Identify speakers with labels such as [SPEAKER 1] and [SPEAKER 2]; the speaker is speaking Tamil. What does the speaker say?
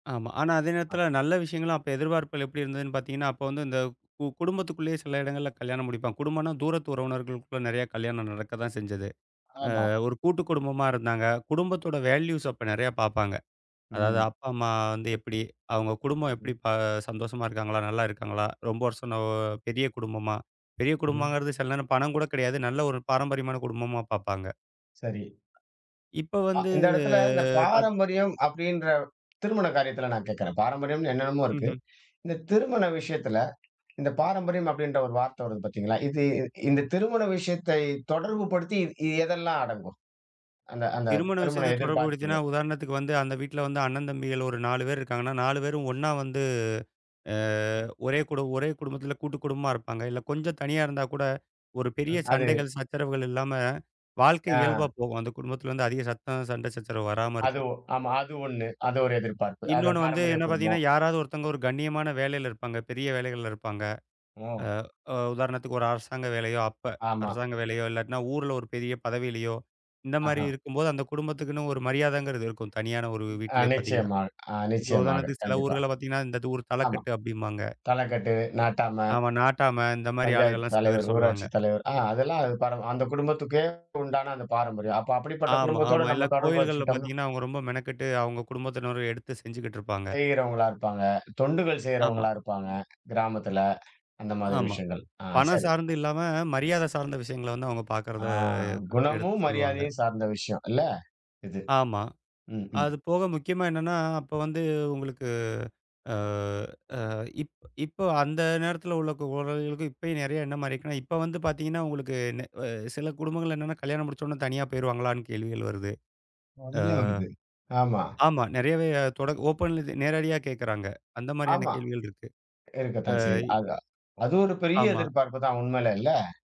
[SPEAKER 1] ஆமா. ஆனா, அதே
[SPEAKER 2] ஆ.
[SPEAKER 1] நேரத்துல நல்ல விஷயங்கள், அப்ப எதிர்பார்ப்புகள் எப்படி இருந்ததுன்னு பார்த்தீங்கன்னா, அப்ப வந்து இந்த கு குடும்பத்துக்குள்ளேயே, சில இடங்கள்ல கல்யாணம் முடிப்பாங்க. குடும்பம்ன்னா, தூரத்து உறவினர்களுக்குள்ள நெறைய கல்யாணம் நடக்கத்தான் செஞ்சது. அ,
[SPEAKER 2] ஆமா.
[SPEAKER 1] ஒரு கூட்டுக்குடும்பமா இருந்தாங்க. குடும்பத்தோட வேல்யூஸ் அப்போ நெறைய பாப்பாங்க. அதாவது
[SPEAKER 2] ம்.
[SPEAKER 1] அப்பா, அம்மா வந்து எப்பிடி? அவுங்க குடும்பம் எப்படி
[SPEAKER 2] ம்.
[SPEAKER 1] ப ஆ, சந்தோஷமா இருக்காங்களா? நல்லா இருக்காங்களா? ரொம்ப வருஷம் ஒ பெரிய குடும்பமா? பெரிய
[SPEAKER 2] [unintelligible]
[SPEAKER 1] குடும்பங்கிறது சில நேரம் பணம் கூட கிடையாது. நல்ல ஒரு பாரம்பரியமான குடும்பமா பார்ப்பாங்க.
[SPEAKER 2] சரி.
[SPEAKER 1] இப்ப
[SPEAKER 2] அ,
[SPEAKER 1] வந்து,
[SPEAKER 2] இந்த இடத்துல இந்த
[SPEAKER 1] பாத்
[SPEAKER 2] பாரம்பரியம் அப்பிடின்ற திருமண காரியத்துல நான் கேக்குறேன். பாரம்பரியம்ன்னு என்னென்னமோ இருக்கு.
[SPEAKER 1] ம்ஹ்ம்.
[SPEAKER 2] இந்த திருமண விஷயத்துல, இந்த பாரம்பரியம் அப்பிடின்ற ஒரு வார்த்தை வருது பாத்தீங்களா? இது இந்த திருமண விஷயத்தைத் தொடர்புபடுத்தி, இ இது எதெல்லாம் அடங்கும்? அந்த அந்த
[SPEAKER 1] திருமண
[SPEAKER 2] திருமண
[SPEAKER 1] விஷயத்துல தொடர்பு படுத்தினா,
[SPEAKER 2] எதிர்பார்ப்புகள.
[SPEAKER 1] உதாரணத்துக்கு வந்து, அந்த வீட்ல வந்து, அண்ணன், தம்பிகள் ஒரு 4 பேர் இருக்காங்கன்னா, 4 பேரும் ஒன்னா வந்து ஆ, ஒரே குடு ஒரே குடும்பத்துல கூட்டுக்குடும்பமா இருப்பாங்க. இல்ல கொஞ்சம் தனியா இருந்தாக்கூட ஒரு பெரிய
[SPEAKER 2] ம், அது.
[SPEAKER 1] சண்டைகள், சச்சரவுகள் இல்லாம வாழ்க்கை இயல்பா
[SPEAKER 2] ஆ.
[SPEAKER 1] போகும். அந்தக் குடும்பத்துல வந்து அதிக சத்தம், சண்டை சச்சரவு வராம
[SPEAKER 2] அது
[SPEAKER 1] இருக்கும்.
[SPEAKER 2] ஒ ஆமா. அது ஒண்ணு. அது ஒரு எதிர்பார்ப்பு. அத
[SPEAKER 1] இன்னொன்னு வந்து
[SPEAKER 2] பாரம்பரிய
[SPEAKER 1] என்ன பார்த்தீங்கன்னா,
[SPEAKER 2] குடும்போம்.
[SPEAKER 1] யாராவது ஒருத்தங்க ஒரு கண்ணியமான வேலையில இருப்பாங்க. பெரிய வேலைகள்ல இருப்பாங்க. அ,
[SPEAKER 2] ஓ!
[SPEAKER 1] அ, உதாரணத்துக்கு ஒரு அரசாங்க வேலையோ! அப்ப,
[SPEAKER 2] ஆமா.
[SPEAKER 1] அரசாங்க வேலையோ! இல்லாட்டின்னா ஊர்ல ஒரு பெரிய பதவியிலயோ! இந்தமாரி
[SPEAKER 2] ஆஹா!
[SPEAKER 1] இருக்கும்போது அந்தக் குடும்பத்துக்குன்னு ஒரு மரியாதைங்கிறது இருக்கும். தனியான ஒரு
[SPEAKER 2] அ,
[SPEAKER 1] வீட்லே பாத்தீங்கன்னா.
[SPEAKER 2] நிச்சியமா, ஆ,
[SPEAKER 1] இப்ப
[SPEAKER 2] நிச்சியமாக.
[SPEAKER 1] உதாரணத்துக்கு சில
[SPEAKER 2] கண்டிப்பா.
[SPEAKER 1] ஊர்கள பாத்தீங்கன்னா, "இந்த ஊர்
[SPEAKER 2] ஆமா.
[SPEAKER 1] தலக்கட்டு" அப்பிடிம்பாங்க
[SPEAKER 2] தலைக்கட்டு, நாட்டாம
[SPEAKER 1] அவன் நாட்டாம, இந்த மாரி ஆளுக
[SPEAKER 2] பஞ்சாயத்து
[SPEAKER 1] எல்லாம் சில
[SPEAKER 2] தலைவர்,
[SPEAKER 1] பேர் சொல்லுவாங்க.
[SPEAKER 2] ஊராட்சி தலைவர். அ, அதெல்லாம் அந்த பார அந்த குடும்பத்துக்கே உண்டான அந்த பாரம்பரியம். அப்ப அப்படிப்பட்ட
[SPEAKER 1] ஆமா,
[SPEAKER 2] குடும்பத்தோட
[SPEAKER 1] ஆமா. எல்லா
[SPEAKER 2] நம்ம தொடர்பு
[SPEAKER 1] கோயில்கள்ல
[SPEAKER 2] வெச்சுகிட்டோம்ன்னா.
[SPEAKER 1] பாத்தீங்கன்னா, அவுங்க ரொம்ப மெனக்கெட்டு அவுங்க குடும்பத்தினரே எடுத்து செஞ்சுகிட்டு இருப்பாங்க.
[SPEAKER 2] செய்யிறவங்களா இருப்பாங்க. தொண்டுகள்
[SPEAKER 1] ஆமா.
[SPEAKER 2] செய்றவங்களா இருப்பாங்க, கிராமத்துல. அந்த மாரி
[SPEAKER 1] ஆமா.
[SPEAKER 2] விஷயங்கள். ஆ,
[SPEAKER 1] பணம்
[SPEAKER 2] சரி.
[SPEAKER 1] சார்ந்து இல்லாம, மரியாத சார்ந்த விஷயங்கள வந்து அவுங்க பாக்கிறத
[SPEAKER 2] ஆ,
[SPEAKER 1] எடுத் எடுத்து
[SPEAKER 2] குணமும்,
[SPEAKER 1] சொல்லுவாங்க.
[SPEAKER 2] மரியாதையும் சார்ந்த விஷயம் இல்ல. இது.
[SPEAKER 1] ஆமா.
[SPEAKER 2] ம், ம்.
[SPEAKER 1] அதுபோக, முக்கியமா என்னன்னா, அப்ப வந்து உங்களுக்கு அ, அ, இப் இப்ப அந்த நேரத்துல உள்ள குழந்தைகளுக்கும் இப்பயும் நெறைய என்ன மாரி இருக்குன்னா, இப்ப வந்து பாத்தீங்கன்னா, உங்களுக்கு நே அ சில குடும்பங்கள்ல என்னன்னா, கல்யாணம் முடிச்ச உடனே தனியா போயிருவாங்களான்னு கேள்விகள் வருது, ஆ.
[SPEAKER 2] உடனே வருது. ஆமா.
[SPEAKER 1] ஆமா. நெறையவே தொடக் ஓப்பன்ல இது நேரடியா கேக்குறாங்க. அந்த மாரியான
[SPEAKER 2] ஆமா.
[SPEAKER 1] கேள்விகள் இருக்கு.
[SPEAKER 2] இருக்கத்தான்
[SPEAKER 1] அ,
[SPEAKER 2] செய்து,
[SPEAKER 1] இ
[SPEAKER 2] அது அது ஒரு பெரிய
[SPEAKER 1] ஆமா.
[SPEAKER 2] எதிர்பார்ப்பு தான். உண்மையிலே! இல்ல.